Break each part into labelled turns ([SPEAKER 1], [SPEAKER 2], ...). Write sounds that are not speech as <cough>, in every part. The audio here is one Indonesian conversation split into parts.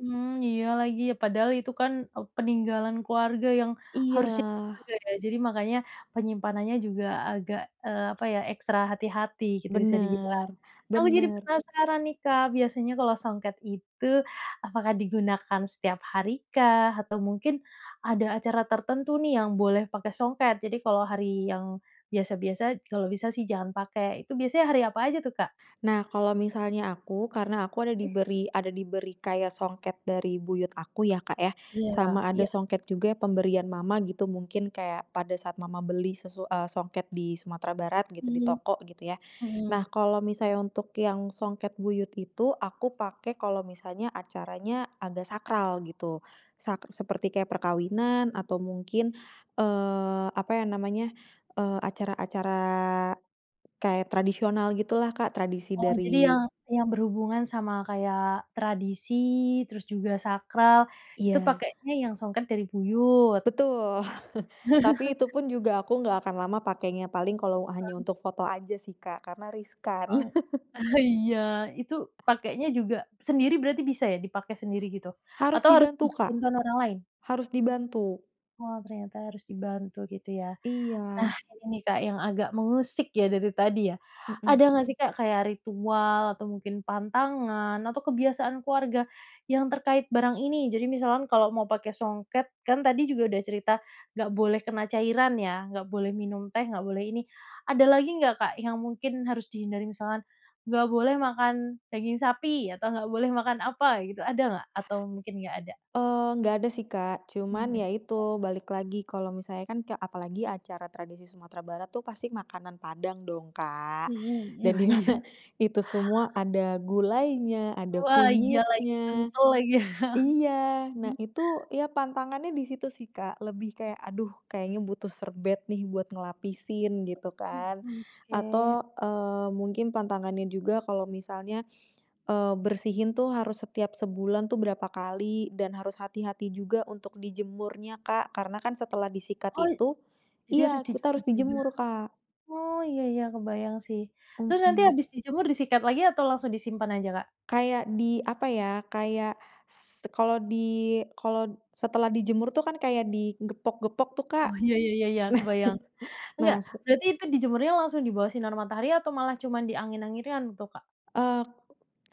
[SPEAKER 1] Mmm, iya lagi padahal itu kan peninggalan keluarga yang, harusnya
[SPEAKER 2] Iya.
[SPEAKER 1] dijaga ya jadi makanya penyimpanannya juga agak, eee, apa ya ekstra hati-hati gitu bisa dibilang,
[SPEAKER 2] Benar
[SPEAKER 1] aku jadi
[SPEAKER 2] benar.
[SPEAKER 1] penasaran nih Kak biasanya kalau songket itu apakah digunakan setiap hari kah? Atau mungkin, ada acara tertentu nih yang boleh pakai songket jadi kalau hari yang biasa-biasa kalau bisa sih jangan pakai itu biasanya hari apa aja tuh Kak?
[SPEAKER 2] Nah kalau misalnya aku, karena aku ada
[SPEAKER 1] E
[SPEAKER 2] diberi ada diberi kayak songket dari buyut aku ya Kak ya,
[SPEAKER 1] Iya
[SPEAKER 2] sama ada
[SPEAKER 1] iya.
[SPEAKER 2] songket juga pemberian mama gitu mungkin kayak pada saat mama beli sesu eee, songket di Sumatera Barat gitu di
[SPEAKER 1] Mmm,
[SPEAKER 2] toko gitu ya, nah
[SPEAKER 1] mhm.
[SPEAKER 2] kalau misalnya untuk yang songket buyut itu aku pakai kalau misalnya acaranya agak sakral gitu, sa seperti kayak perkawinan atau mungkin, eee, apa ya namanya, eee, acara-acara, kayak tradisional gitulah Kak tradisi
[SPEAKER 1] Oh jadi
[SPEAKER 2] dari
[SPEAKER 1] yang yang berhubungan sama kayak tradisi terus juga sakral, itu
[SPEAKER 2] Iya.
[SPEAKER 1] pakenya yang songket dari buyut.
[SPEAKER 2] Betul <chuckles> tapi itu
[SPEAKER 1] <chuckles>
[SPEAKER 2] pun juga aku gak akan lama pakainya, paling kalau hanya
[SPEAKER 1] Heeh.
[SPEAKER 2] untuk foto aja sih Kak karena riskan.
[SPEAKER 1] Oh,
[SPEAKER 2] <chuckles>
[SPEAKER 1] <chuckles> iya itu pakainya juga sendiri berarti bisa ya dipakai sendiri gitu?
[SPEAKER 2] Harus
[SPEAKER 1] Atau harus
[SPEAKER 2] dibantu
[SPEAKER 1] butuh
[SPEAKER 2] Kak,
[SPEAKER 1] bantuan orang lain?
[SPEAKER 2] harus dibantu.
[SPEAKER 1] Oh ternyata harus dibantu gitu ya, nah
[SPEAKER 2] Iya.
[SPEAKER 1] ini Kak yang agak mengusik ya dari tadi ya,
[SPEAKER 2] Mhm.
[SPEAKER 1] ada nggak sih Kak kayak ritual atau mungkin pantangan atau kebiasaan keluarga, yang terkait barang ini, jadi misalkan kalau mau pakai songket kan tadi juga udah cerita nggak boleh kena cairan ya, nggak boleh minum teh, nggak boleh ini, ada lagi nggak Kak yang mungkin harus dihindari? Misalkan, nggak boleh makan daging sapi atau nggak boleh makan apa gitu ada nggak? Atau mungkin nggak ada?
[SPEAKER 2] Eee, nggak ada sih Kak,
[SPEAKER 1] Mmm,
[SPEAKER 2] cuman
[SPEAKER 1] iya.
[SPEAKER 2] ya itu balik lagi kalau misalnya kan ka apalagi acara tradisi Sumatera Barat tuh pasti makanan Padang dong Kak,
[SPEAKER 1] Mhm,
[SPEAKER 2] dan
[SPEAKER 1] wah
[SPEAKER 2] di
[SPEAKER 1] iya.
[SPEAKER 2] mana itu semua ada gulainya, ada
[SPEAKER 1] Wah iya lagi
[SPEAKER 2] kunyitnya
[SPEAKER 1] kental lagi, <chuckles>
[SPEAKER 2] iya nah
[SPEAKER 1] mhm.
[SPEAKER 2] itu ya pantangannya disitu sih Kak, lebih kayak aduh kayaknya butuh serbet nih buat ngelapisin gitu kan,
[SPEAKER 1] Mmm, oke.
[SPEAKER 2] atau, eee, mungkin pantangannya juga kalau misalnya, eee, bersihin tuh harus setiap sebulan tuh berapa kali dan harus hati-hati juga untuk dijemurnya Kak, karena kan setelah disikat
[SPEAKER 1] Oh,
[SPEAKER 2] itu
[SPEAKER 1] jadi harus
[SPEAKER 2] iya kita
[SPEAKER 1] dijemur
[SPEAKER 2] harus
[SPEAKER 1] juga?
[SPEAKER 2] dijemur Kak.
[SPEAKER 1] Oh iya iya kebayang sih, terus nanti
[SPEAKER 2] Mhm.
[SPEAKER 1] habis dijemur disikat lagi atau langsung disimpan aja Kak?
[SPEAKER 2] Kayak di apa ya kayak, s kalau di kalau setelah dijemur tuh kan kayak di gepok-gepok tuh Kak,
[SPEAKER 1] Oh iya iya iya
[SPEAKER 2] nah
[SPEAKER 1] kebayang,
[SPEAKER 2] nah
[SPEAKER 1] enggak
[SPEAKER 2] se
[SPEAKER 1] berarti itu dijemurnya langsung dibawah sinar matahari atau malah cuman diangin-anginkan itu Kak?
[SPEAKER 2] Eee,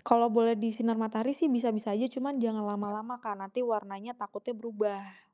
[SPEAKER 2] kalau boleh disinar matahari sih bisa-bisa aja cuman jangan
[SPEAKER 1] Mhm.
[SPEAKER 2] lama-lama Kak nanti warnanya takutnya berubah.